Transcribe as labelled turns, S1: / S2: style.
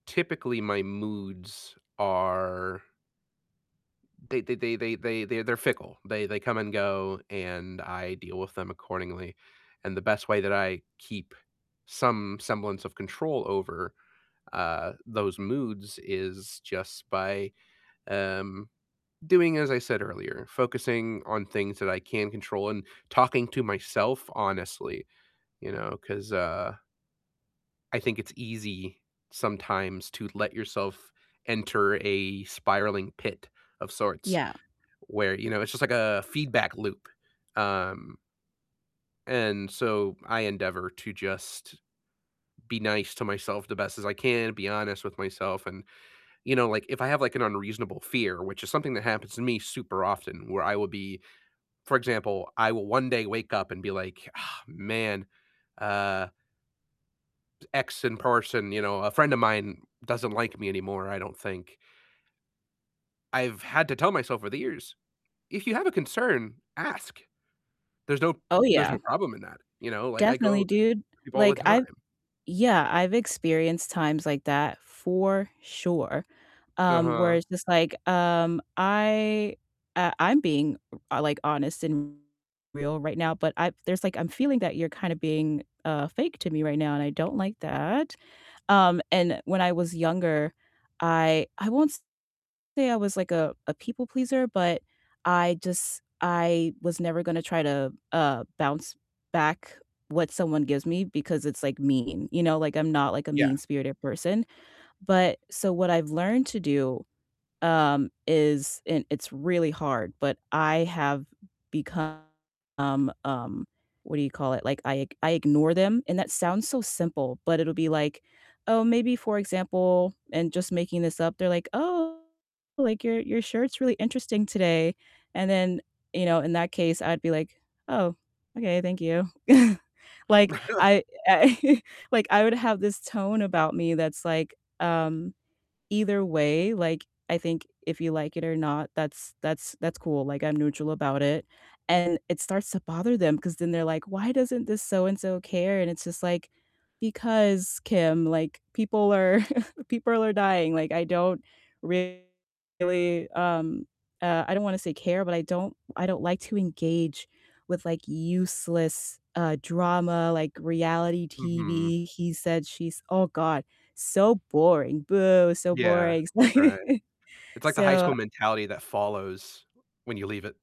S1: Typically my moods are They they they they they they they're fickle. They they come and go, and I deal with them accordingly. And the best way that I keep some semblance of control over, uh, those moods is just by, um, doing as I said earlier, focusing on things that I can control and talking to myself honestly, you know? 'Cause, uh I think it's easy sometimes to let yourself enter a spiraling pit of sorts
S2: Yeah.
S1: where, you know, it's just like a feedback loop. Um and so I endeavor to just be nice to myself the best as I can, be honest with myself and You know, like if I have, like, an unreasonable fear, which is something that happens to me super often, where I will be For example, I will one day wake up and be like, "Ah, man, uh" "X and person," you know, "A friend of mine doesn't like me anymore, I don't think." I've had to tell myself over the years, "If you have a concern, ask. There's no
S2: Oh
S1: there's
S2: yeah.
S1: no problem in that." You know? Like, I
S2: Definitely,
S1: go
S2: dude.
S1: people all the
S2: Like
S1: time.
S2: I've yeah, I've experienced times like that for sure. Um, where
S1: Uh-huh.
S2: it's just like, um I, uh, I'm being, uh, like honest and real right now, but I there's like, I'm feeling that you're kinda being, uh, fake to me right now, and I don't like that. Um, and when I was younger I I won't say I was like a a people pleaser, but I just I was never gonna try to, uh, bounce back what someone gives me because it's, like, mean. You know? Like, I'm not like a
S1: Yeah.
S2: mean-spirited person. But, so what I've learned to do, um, is and it's really hard. But I have become, um, what do you call it? Like I ig I ignore them, and that sounds so simple, but it'll be like, oh, maybe for example and just making this up, they're like, "Oh, like your your shirt's really interesting today." And then, you know, in that case I'd be like, "Oh, okay. Thank you." Like I I like, I would have this tone about me that's like, um, either way, like, I think if you like it or not, that's that's that's cool. Like, I'm neutral about it. And it starts to bother them 'cause then they're like, "Why doesn't this so-and-so care?" And it's just like, because Kim, like people are people are dying. Like I don't really, um, uh, I don't wanna say care, but I don't I don't like to engage with like useless, uh, drama, like reality
S1: Mhm.
S2: TV. He said she's Oh God. So boring, boo, so
S1: Yeah,
S2: boring.
S1: right. It's like the high school
S2: So
S1: mentality that follows when you leave it